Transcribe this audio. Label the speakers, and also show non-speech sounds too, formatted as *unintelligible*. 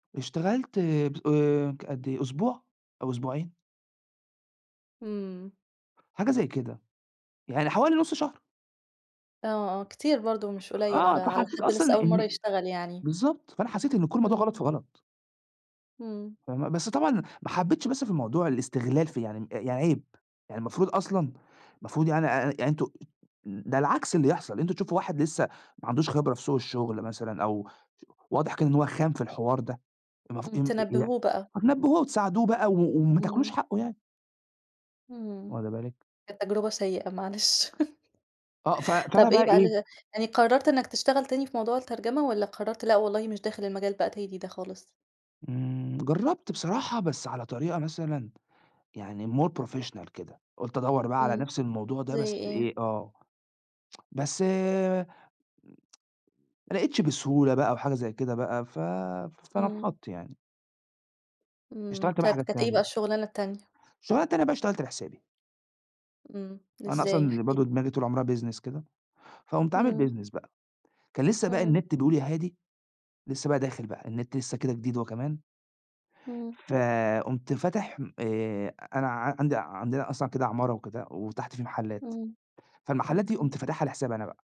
Speaker 1: اشتغلت ب آآ، ك قد أسبوع أو أسبوعين.
Speaker 2: إمم.
Speaker 1: حاجة زي كده، يعني حوالي نص شهر.
Speaker 2: آه، آه، كتير برضو مش قليل على
Speaker 1: آه،
Speaker 2: على
Speaker 1: فحسيت
Speaker 2: حد
Speaker 1: أصلًا
Speaker 2: لسه
Speaker 1: إني
Speaker 2: أول مرّة
Speaker 1: إني
Speaker 2: يشتغل يعني.
Speaker 1: بالضبط، فأنا حسيت إن كل الموضوع غلط
Speaker 2: إمم.
Speaker 1: في غلط.
Speaker 2: إمم.
Speaker 1: فاهمة، بس طبعًا ما حبيتش بس في الموضوع الاستغلال في يعني م يعني عيب، يعني المفروض أصلًا المفروض يعني أ أ يعني أنتم ده العكس اللي يحصل، أنتم تشوفوا واحد لسه ما عندوش خبرة في سوق الشغل مثلًا أو واضح كان إن هو خام في الحوار ده، المف
Speaker 2: امم، تنبهوه بقى.
Speaker 1: *unintelligible* تنبهوه وتساعدوه بقى و وما تاكلوش
Speaker 2: إمم
Speaker 1: حقه يعني.
Speaker 2: إمم،
Speaker 1: واخده بالِك؟
Speaker 2: كانت تجربة سيئة معلش. *chuckles*
Speaker 1: آه، ف فأنا
Speaker 2: طب
Speaker 1: بقى
Speaker 2: إيه بقى
Speaker 1: إيه.
Speaker 2: ال يعني قررت إنك تشتغل تاني في موضوع الترجمة والَّا قررت، لأ والله مش داخل المجال بقى تاني ده خالص؟
Speaker 1: إمم جربت بصراحة، بس على طريقة مثلًا يعني More professional كده، قُلت أدوّر بقى على
Speaker 2: إمم،
Speaker 1: نفس الموضوع ده
Speaker 2: زي
Speaker 1: بس
Speaker 2: إيه؟
Speaker 1: إيه، آه *tsk* بس *tsk* ما لقيتش بسهولة بقى وحاجة زي كده بقى، ف
Speaker 2: إمم.
Speaker 1: فنفّضت يعني.
Speaker 2: إمم،
Speaker 1: اشتغلت بقى
Speaker 2: طيب
Speaker 1: حاجات
Speaker 2: كانت إيه بقى
Speaker 1: تانية.
Speaker 2: الشغلانة التانية؟
Speaker 1: اشتغلت أنا بقى اشتغلت لحسابي.
Speaker 2: إمم،
Speaker 1: أنا
Speaker 2: إزاي؟ إحكِ
Speaker 1: أصلًا برضه
Speaker 2: لي.
Speaker 1: دماغي طول عمرها Business كده، فقمت عامل
Speaker 2: إمم.
Speaker 1: Business بقى، كان لسه بقى
Speaker 2: إمم.
Speaker 1: النت بيقول يا هادي، لسه بقى داخل بقى، النت لسه كده جديد هو كمان.
Speaker 2: إمم.
Speaker 1: فقُمت فاتح م آآ، أنا ع عندي عندنا أصلًا كده عمارة وكده وتحت في محلات،
Speaker 2: إمم
Speaker 1: فالمحلات دي
Speaker 2: أوكي.
Speaker 1: قمت فاتحها لحسابي أنا بقى.